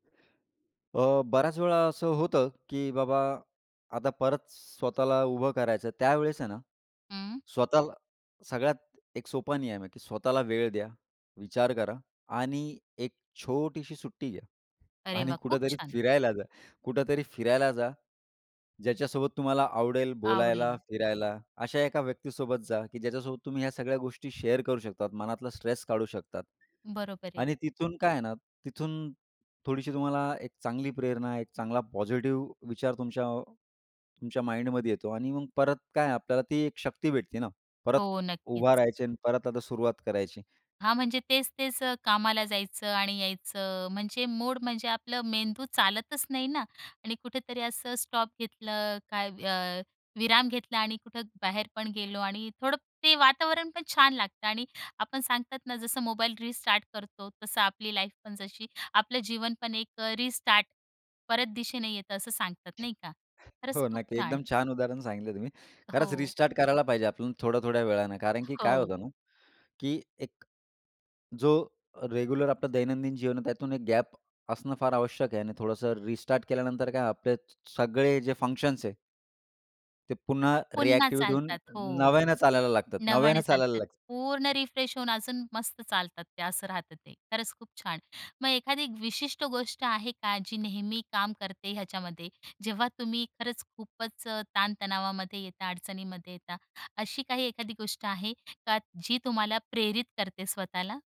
अ, बऱ्याच वेळा असं होतं, की बाबा आता परत स्वतःला उभं करायचं. त्यावेळेस आहे ना, हं. स्वतःला सगळ्यात एक सोपा नियम आहे, की स्वतःला वेळ द्या, विचार करा आणि एक छोटीशी सुट्टी घ्या. अरे आणि वाह! खूप कुठेतरी छान. फिरायला जा कुठेतरी फिरायला जा. ज्याच्यासोबत तुम्हाला आवडेल बोलायला, आवडेल. फिरायला, अशा एका व्यक्तीसोबत जा, की ज्याच्यासोबत तुम्ही ह्या सगळ्या गोष्टी शेअर करू शकतात. मनातला स्ट्रेस काढू शकतात बरोबर आहे. आणि तिथून काय आहे ना, तिथून थोडीशी तुम्हाला एक चांगली प्रेरणा, एक चांगला पॉझिटिव्ह विचार तुमच्या, तुमच्या माइंडमध्ये येतो आणि मग परत काय, आपल्याला ती एक शक्ती भेटते ना, परत हो, उभा नक्कीच. राहायची आणि परत आता सुरुवात करायची. हां, म्हणजे तेच-तेच अ, कामाला जायचं आणि यायचं म्हणजे मूड, म्हणजे आपलं मेंदू चालतच नाही ना. आणि कुठेतरी असं स्टॉप घेतलं काय, अ, विराम घेतला आणि कुठं बाहेर पण गेलो. आणि थोडं ते वातावरण पण छान लागतं. आणि आपण सांगतात ना, जसं मोबाईल रिस्टार्ट करतो. तसं आपली लाईफ पण, जशी आपलं जीवन पण एक अ, रिस्टार्ट परत दिशेने येतं, असं सांगतात नाही का? खरंच हो, खूप नक्की. छान. एकदम छान उदाहरण सांगितले तुम्ही. खरंच हो. रिस्टार्ट करायला पाहिजे आपण थोड्या-थोड्या वेळाने. कारण की काय होतं हो. ना, की एक जो रेग्युलर आपलं दैनंदिन जीवन आहे, त्यातून एक गॅप असणं फार आवश्यक आहे. आणि थोडंसं रिस्टार्ट केल्यानंतर काय, आपले स सगळे जे फंक्शन्स आहे. ते पुन्हा पुन्हा रिएक्टिव्हेट होऊन चालतात हो. नव्यानं चालायला लागतात नव्यानं नव्याने चालायला चालतात, लागतात. पूर्ण रिफ्रेश होऊन अजून मस्त चालतात ते. असं राहतं ते. खरंच खूप छान. मग एखादी विशिष्ट गोष्ट आहे का, जी नेहमी काम करते ह्याच्यामध्ये? जेव्हा तुम्ही खरंच खूपच अ, ताण-तणावामध्ये येता, अडचणीमध्ये येता. अशी काही एखादी गोष्ट आहे का, जी तुम्हाला प्रेरित करते स्वतःला?